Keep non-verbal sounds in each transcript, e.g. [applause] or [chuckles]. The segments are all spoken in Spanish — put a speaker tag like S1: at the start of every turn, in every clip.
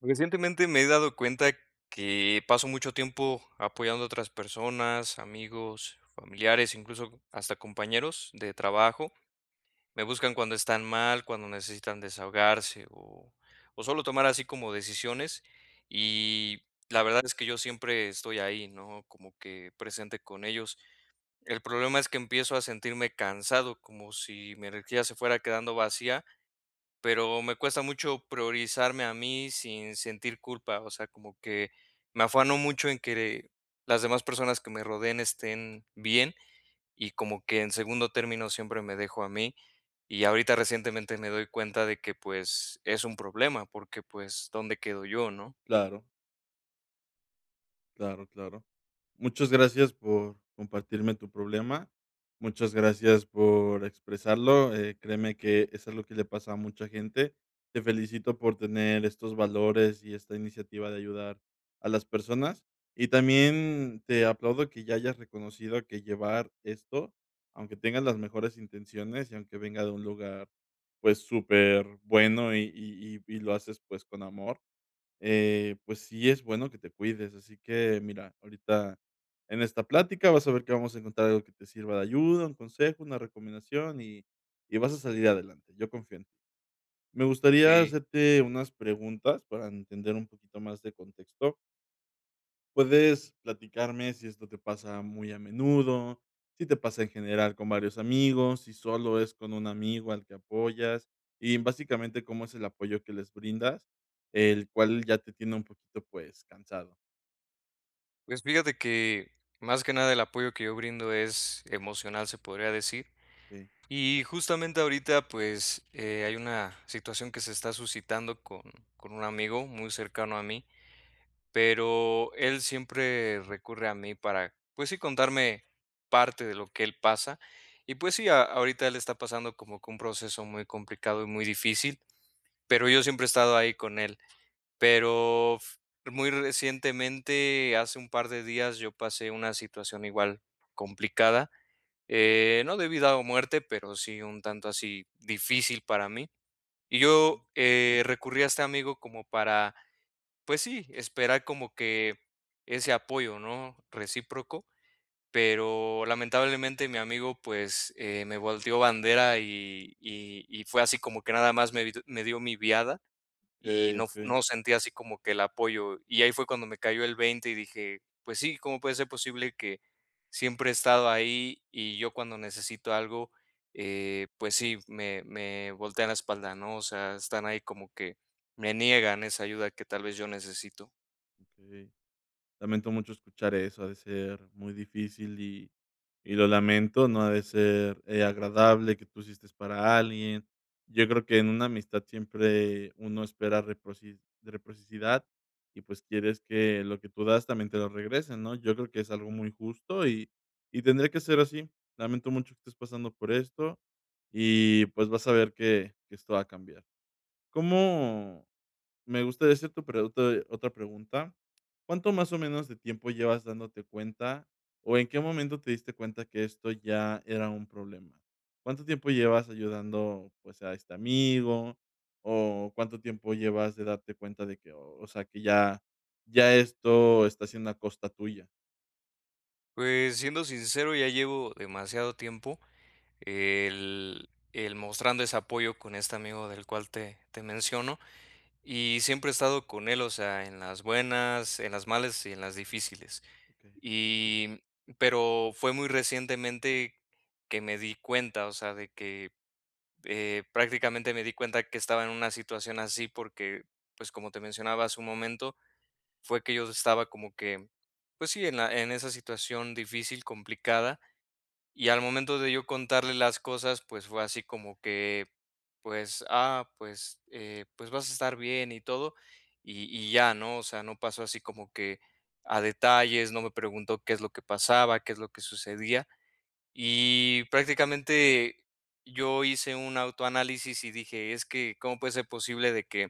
S1: Recientemente, me he dado cuenta que paso mucho tiempo apoyando a otras personas, amigos, familiares, incluso hasta compañeros de trabajo. Me buscan cuando están mal, cuando necesitan desahogarse o o sólo tomar así como decisiones, y la verdad es que yo siempre estoy ahí, ¿no? Como que presente con ellos. El problema es que empiezo a sentirme cansado, como si mi energía se fuera quedando vacía. Pero me cuesta mucho priorizarme a mí sin sentir culpa, o sea, como que me afano mucho en querer, las demás personas que me rodeen estén bien y como que en segundo término siempre me dejo a mí y ahorita recientemente me doy cuenta de que, pues, es un problema, porque, pues, ¿dónde quedo yo, no?
S2: Claro. Claro, claro. Muchas gracias por compartirme tu problema. Muchas gracias por expresarlo, eh, créeme que es algo que le pasa a mucha gente. Te felicito por tener estos valores y esta iniciativa de ayudar a las personas, y también te aplaudo que ya hayas reconocido que llevar esto, aunque tengas las mejores intenciones y aunque venga de un lugar, pues superbueno y y y y lo haces, pues con amor, eh, pues, sí es bueno que te cuides, así que mira, ahorita en esta plática vas a ver que vamos a encontrar algo que te sirva de ayuda, un consejo, una recomendación y y vas a salir adelante. Yo confío en ti. Me gustaría
S1: Sí.
S2: hacerte unas preguntas para entender un poquito más de contexto. Puedes platicarme si esto te pasa muy a menudo, si te pasa en general con varios amigos, si solo es con un amigo al que apoyas y básicamente, ¿cómo es el apoyo que les brindas, el cual ya te tiene un poquito, pues cansado?
S1: Pues fíjate que, más que nada el apoyo que yo brindo es emocional, se podría decir.
S2: Okey.
S1: Y justamente ahorita, pues, eh, hay una situación que se está suscitando con con un amigo muy cercano a mí, pero él siempre recurre a mí para, pues sí, contarme parte de lo que él pasa y pues sí, a ahorita él está pasando como que un proceso muy complicado y muy difícil, pero yo siempre he estado ahí con él. Pero f muy recientemente hace un par de días, yo pasé una situación igual, complicada, eh, no de vida o muerte, pero sí un tanto así difícil para mí. Y yo,
S2: Ujú.
S1: eh, recurrí a este amigo como para, pues sí, esperar como que ese apoyo, ¿no?, recíproco, pero lamentablemente, mi amigo, pues, eh, me volteó bandera y y y fue así como que nada más me di me dio mi viada. y
S2: Okey,
S1: no f
S2: okey.
S1: no sentí así como que el apoyo, y ahí fue cuando me cayó el 20 y dije: "Pues sí, ¿cómo puede ser posible que siempre he estado ahí y yo cuando necesito algo, eh, pues sí, me me voltea la espalda?", ¿no? O sea, están ahí como que, me niegan esa ayuda que tal vez yo necesito.
S2: Okey. Lamento mucho escuchar eso, ha de ser muy difícil y y lo lamento, no ha de ser, eh, agradable que tú hiciste para alguien. Yo creo que en una amistad siempre uno espera reproci reciprocidad y pues quieres que lo que tú das también te lo regresen, ¿no?, yo creo que es algo muy justo y y tendría que ser así. Lamento mucho que estés pasando por esto y pues vas a ver que que esto va a cambiar. ¿Cómo?, me gusta esa tu pregunta de otra pregunta. ¿Cuánto más o menos de tiempo llevas dándote cuenta o en qué momento te diste cuenta que esto ya era un problema? ¿Cuánto tiempo llevas ayudando, pues a este amigo? ¿O cuánto tiempo llevas de darte cuenta de qué, o sea que ya ya esto está siendo a costa tuya?
S1: Pues, siendo sincero, ya llevo demasiado tiempo, el el mostrando ese apoyo con este amigo del cual te te menciono y siempre he estado con él, o sea, en las buenas, en las malas y en las difíciles.
S2: Okey.
S1: Y, pero fue muy recientemente, que me di cuenta, o sea, de que, eh, prácticamente me di cuenta que estaba en una situación así porque, pues, como te mencionaba hace un momento, fue que yo estaba como que, pues sí, en la en esa situación difícil, complicada. Y al momento de yo contarle las cosas, pues, fue así como que, pues, ah, pues, eh, pues, vas a estar bien y todo y y ya, ¿no?, o sea, no pasó así como que, a detalles, no me preguntó qué es lo que pasaba, qué es lo que sucedía. Y prácticamente, yo hice un autoanálisis y dije: "Es que cómo puede ser posible de que,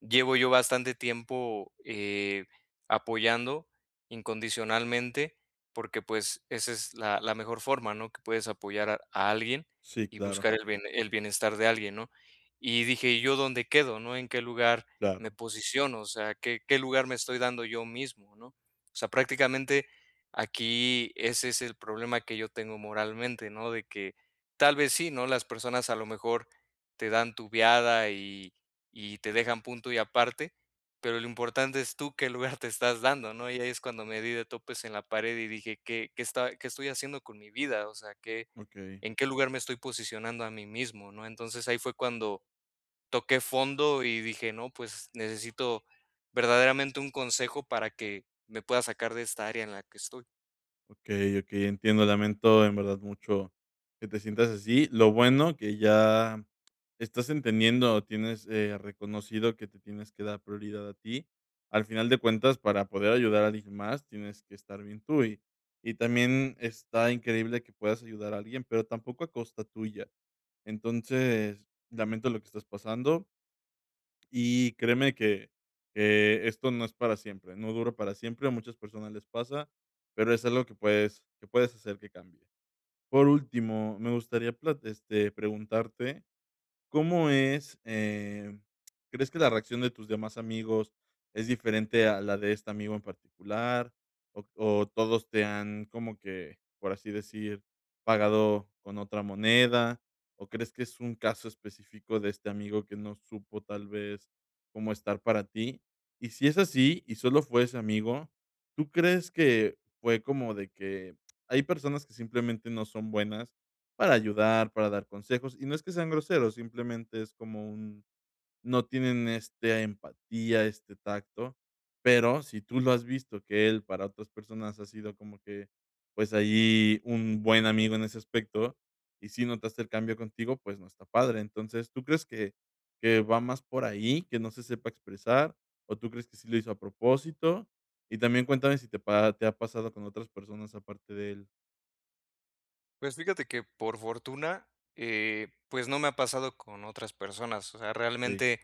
S1: llevo yo bastante tiempo, eh, apoyando, incondicionalmente", porque pues, esa es la la mejor forma, ¿no?, que puedes apoyar a alguien
S2: Sí,
S1: y
S2: claro.
S1: buscar el bien el bienestar de alguien, ¿no?, y dije: "¿Y yo dónde quedo? ¿No? ¿En qué lugar me
S2: Claro.
S1: posiciono?" O sea, ¿qué qué lugar me estoy dando yo mismo? ¿No?, o sea, prácticamente, aquí ese es el problema que yo tengo moralmente, ¿no?, de que, tal vez sí, ¿no?, las personas a lo mejor, te dan tubiada y y te dejan punto y aparte. Pero lo importante es, ¿tú qué lugar te estás dando? ¿No?, y ahí es cuando me di de topes en la pared y dije: "¿Qué qué esta y, qué estoy haciendo con mi vida?" O sea, qué,
S2: Okey.
S1: ¿en qué lugar me estoy posicionando a mí mismo? ¿No?, entonces ahí fue cuando, toqué fondo y dije: "No, pues, necesito verdaderamente un consejo para que, me pueda sacar de esta área en la que estoy".
S2: Okey, okey, entiendo. Lamento, en verdad, mucho que te sientas así. Lo bueno que ya estás entendiendo, tienes, eh, reconocido que te tienes que dar prioridad a ti. Al final de cuentas, para poder ayudar a alguien más, tienes que estar bien tú, y y también está increíble que puedas ayudar a alguien, pero tampoco a costa tuya. Entonces lamento lo que estás pasando. Y créeme que que esto no es para siempre, no dura para siempre, a muchas personas les pasa, pero es algo que puedes que puedes hacer que cambie. Por último, me gustaría plat este preguntarte, ¿cómo es, eh, crees que la reacción de tus demás amigos es diferente a la de este amigo en particular o o todos te han como que, por así decir, pagado con otra moneda, o crees que es un caso específico de este amigo que no supo tal vez cómo estar para ti? Y si es así, y solo fue ese amigo, ¿tú crees que fue como de que? Hay personas que simplemente no son buenas para ayudar, para dar consejos y no es que sean groseros, simplemente es como un no tienen esta empatía, este tacto. Pero si tú lo has visto, que él para otras personas ha sido como que, pues, ahí un buen amigo en ese aspecto y sí notaste el cambio contigo, pues, no está padre, entonces, ¿tú crees que que va más por ahí, que no se sepa expresar, o tú crees que sí lo hizo a propósito? Y también cuéntame si te pa te ha pasado con otras personas aparte de él.
S1: Pues, fíjate que por fortuna, eh, pues, no me ha pasado con otras personas. O sea,
S2: Okey.
S1: realmente,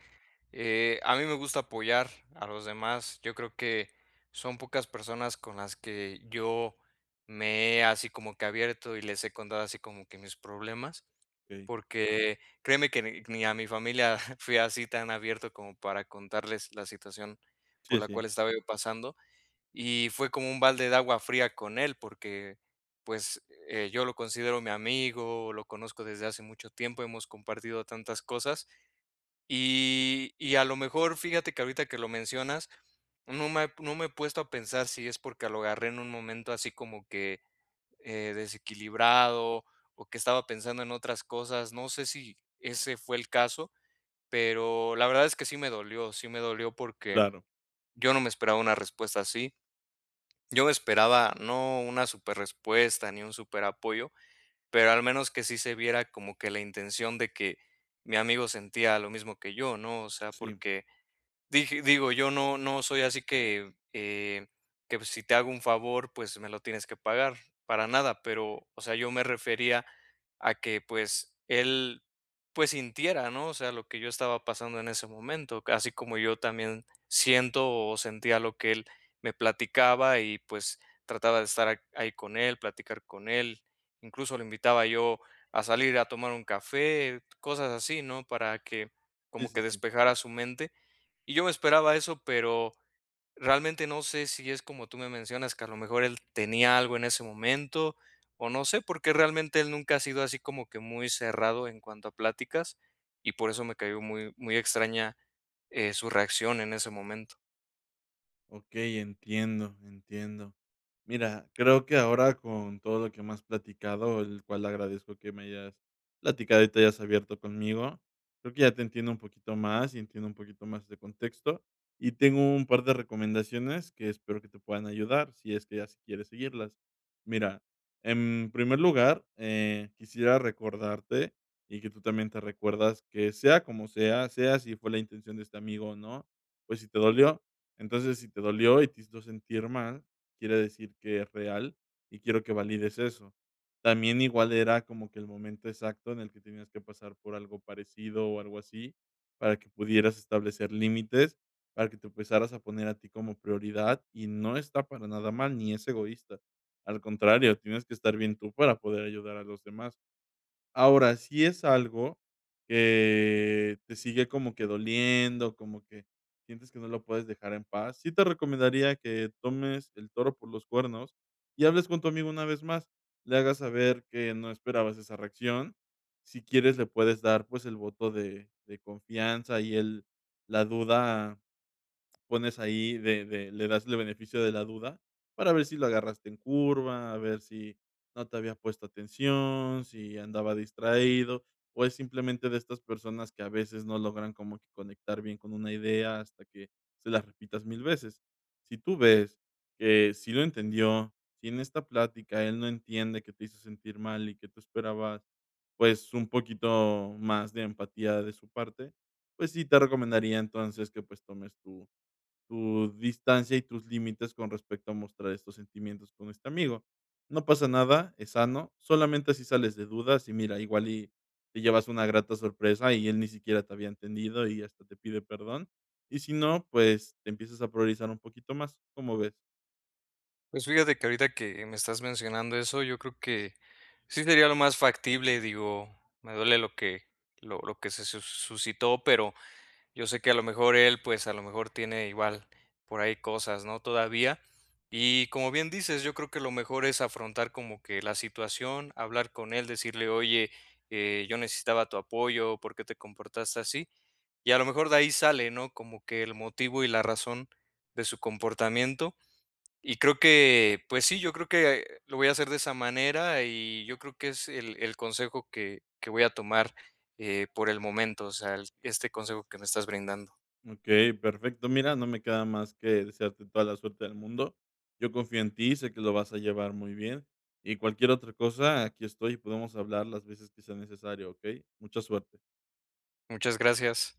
S1: eh, a mí me gusta apoyar a los demás. Yo creo que son pocas personas con las que yo me he, así, como que abierto, y les he contado así como que mis problemas.
S2: Okey.
S1: Porque, créeme que ni ni a mi familia, [chuckles] fui así tan abierto como para contarles la situación por
S2: Sí,
S1: la cual
S2: sí.
S1: estaba yo pasando. Y fue como un balde de agua fría con él, porque, pues, eh, yo lo considero mi amigo, lo conozco desde hace mucho tiempo, hemos compartido tantas cosas. Y y a lo mejor, fíjate que ahorita que lo mencionas, no me no me he puesto a pensar si es porque lo agarré en un momento así como que, eh, desequilibrado, o que estaba pensando en otras cosas. No sé, si ese fue el caso, pero la verdad es que sí me dolió, sí me dolió, porque
S2: Claro.
S1: yo no me esperaba una respuesta así. Yo me esperaba, no una súper respuesta ni un súper apoyo, pero al menos que sí se viera como que la intención de que mi amigo sentía lo mismo que yo, ¿no? O sea,
S2: Sí.
S1: porque dije digo, yo no, no soy así que, eh, que si te hago un favor, pues, me lo tienes que pagar, para nada, pero, o sea, yo me refería a que pues, él pues, sintiera, ¿no? O sea, lo que yo estaba pasando en ese momento, así como yo también siento, o sentía lo que él me platicaba, y pues, trataba de estar ahí con él, platicar con él. Incluso, lo invitaba yo a salir a tomar un café, cosas así, ¿no?, para que,
S2: Sí,
S1: como
S2: sí,
S1: que
S2: sí.
S1: despejara su mente. Y yo me esperaba eso, pero, realmente no sé, si es como tú me mencionas, que a lo mejor él tenía algo en ese momento, o no sé, porque realmente él nunca ha sido así como que muy cerrado en cuanto a pláticas, y por eso me cayó muy, muy extraña, eh, su reacción en ese momento.
S2: Okey, entiendo, entiendo. Mira, creo que ahora, con todo lo que me has platicado, el cual agradezco que me hayas platicado y te hayas abierto conmigo. Creo que ya te entiendo un poquito más, y entiendo un poquito más de contexto. Y tengo un par de recomendaciones que espero que te puedan ayudar si es que ya si quieres seguirlas. Mira, en primer lugar, eh, quisiera recordarte, y que tú también te recuerdas que sea como sea, sea si fue la intención de este amigo o no. Pues si te dolió. Entonces si te dolió y te hizo sentir mal, quiere decir que es real, y quiero que valides eso. También igual era como que el momento exacto, en el que tenías que pasar por algo parecido o algo así, para que pudieras establecer límites para que te empezaras a poner a ti como prioridad. Y no está para nada mal, ni es egoísta. Al contrario, tienes que estar bien tú para poder ayudar a los demás. Ahora, si es algo que te sigue como que doliendo, como que sientes que no lo puedes dejar en paz. Sí, te recomendaría que tomes el toro por los cuernos y hables con tu amigo una vez más, le hagas saber que no esperabas esa reacción. Si quieres, le puedes dar, pues, el voto de de confianza y el la duda, pones ahí de de le das el beneficio de la duda para ver si lo agarraste en curva. A ver si no te había puesto atención, si andaba distraído, o es simplemente de estas personas que a veces no logran como que conectar bien con una idea hasta que se las repitas 1000 veces. Sí, tú ves que sí lo entendió. Si en esta plática él no entiende que te hizo sentir mal, y que tú esperabas, pues, un poquito más de empatía de su parte. Pues sí, te recomendaría, entonces, que, pues, tomes tu tu distancia y tus límites con respecto a mostrar estos sentimientos con este amigo. No pasa nada, es sano. Solamente si sales de dudas, y mira, igual y te llevas una grata sorpresa, y él ni siquiera te había entendido y hasta te pide perdón. Y si no, pues, te empiezas a priorizar un poquito más. ¿Cómo ves?
S1: Pues, fíjate que ahorita que me estás mencionando eso, yo creo que sí sería lo más factible, digo, me duele lo que lo lo que se su suscitó, pero yo sé que a lo mejor él, pues, a lo mejor tiene igual por ahí cosas, ¿no?, todavía. Y como bien dices, yo creo que lo mejor es afrontar, como que la situación, hablar con él, decirle: "Oye, eh, yo necesitaba tu apoyo, por qué te comportaste así". Y a lo mejor de ahí sale, ¿no? Como que el motivo y la razón de su comportamiento. Y creo que, pues sí, yo creo que lo voy a hacer de esa manera, y yo creo que es el el consejo que que voy a tomar, eh, por el momento, o sea, este consejo que me estás brindando.
S2: Okey, perfecto. Mira, no me queda más que desearte toda la suerte del mundo. Yo confío en ti. Sé que lo vas a llevar muy bien. Y cualquier otra cosa. Aquí estoy, y podemos hablar las veces que sea necesario. Okey, mucha suerte.
S1: Muchas gracias.